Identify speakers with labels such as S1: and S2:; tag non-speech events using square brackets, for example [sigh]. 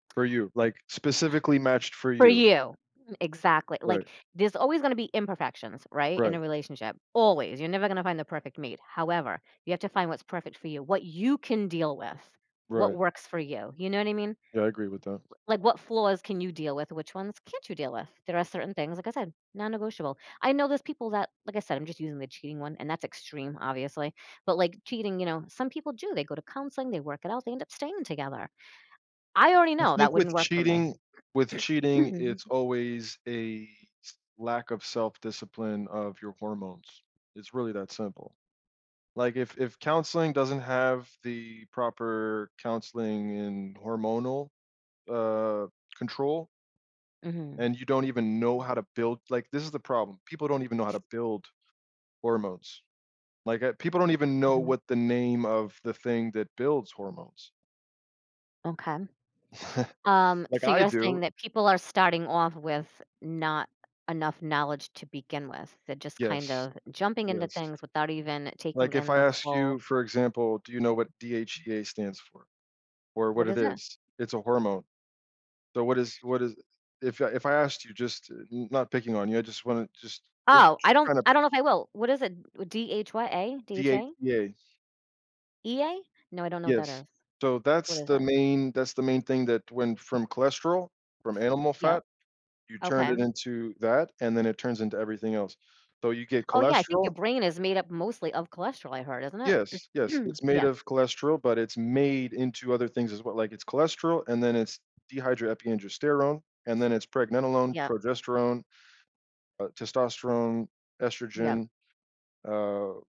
S1: For you, like, specifically matched for
S2: For
S1: you.
S2: you. Exactly,
S1: Right.
S2: like, there's always gonna be imperfections, right, in a
S1: Right.
S2: relationship, always, you're never gonna find the perfect mate, however, you have to find what's perfect for you, what you can deal with, what
S1: Right.
S2: works for you, you know what I mean? W
S1: Yeah, I agree with that.
S2: like, what flaws can you deal with? Which ones can't you deal with? There are certain things, like I said, non-negotiable. I know those people that like I said I'm just using the cheating one, and that's extreme, obviously, but, like, cheating, you know, some people do, they go to counseling, they work it out, they end up staying together. I already
S1: I
S2: know that
S1: think
S2: wouldn't
S1: with
S2: work for me.
S1: cheating with cheating, it's
S2: [clears throat]
S1: always a s lack of self-discipline of your hormones. It's really that simple. Like, if If counseling doesn't have the proper counseling and hormonal, uh, control
S2: Mhm.
S1: and you don't even know how to build like, this is the problem, people don't even know how to build hormones. Like, uh, people don't even know
S2: Mhm.
S1: what the name of the thing that builds hormones.
S2: Okay.
S1: [chuckles]
S2: Um,
S1: Like
S2: so
S1: I
S2: you're saying
S1: do.
S2: that people are starting off with not enough knowledge to begin with, they're just kind
S1: Yes.
S2: of jumping into
S1: Yes.
S2: things without even taking
S1: Like, if
S2: in
S1: I
S2: the
S1: ask you,
S2: full
S1: for example, do you know what DHEA stands for, or what
S2: What
S1: it
S2: is it?
S1: is? It's a hormone. So, what is what is if I if I asked you just n not picking on you, I just want to just it
S2: Oh,
S1: j
S2: I don't
S1: kinda
S2: I don't know if I will. What is it? D-H what, A? D-H-A?
S1: DHEA.
S2: E-A? No, I don't know what
S1: Yes.
S2: that is.
S1: So
S2: What
S1: that's
S2: is
S1: the
S2: it?
S1: main that's the main thing that went from cholesterol, from animal
S2: Yep.
S1: fat, you turned
S2: Okay.
S1: it into that, and then it turns into everything else. So, you get
S2: Oh, yeah, I think your
S1: cholesterol
S2: brain is made up mostly of cholesterol, I heard, isn't it?
S1: Yes yes,
S2: [clears throat]
S1: it's made
S2: Yep.
S1: of cholesterol, but it's made into other things as well, like it's cholesterol and then it's dehydroepiandrosterone and then it's pregnenolone,
S2: Yep.
S1: progesterone, uh, testosterone,
S2: Yep.
S1: estrogen, uh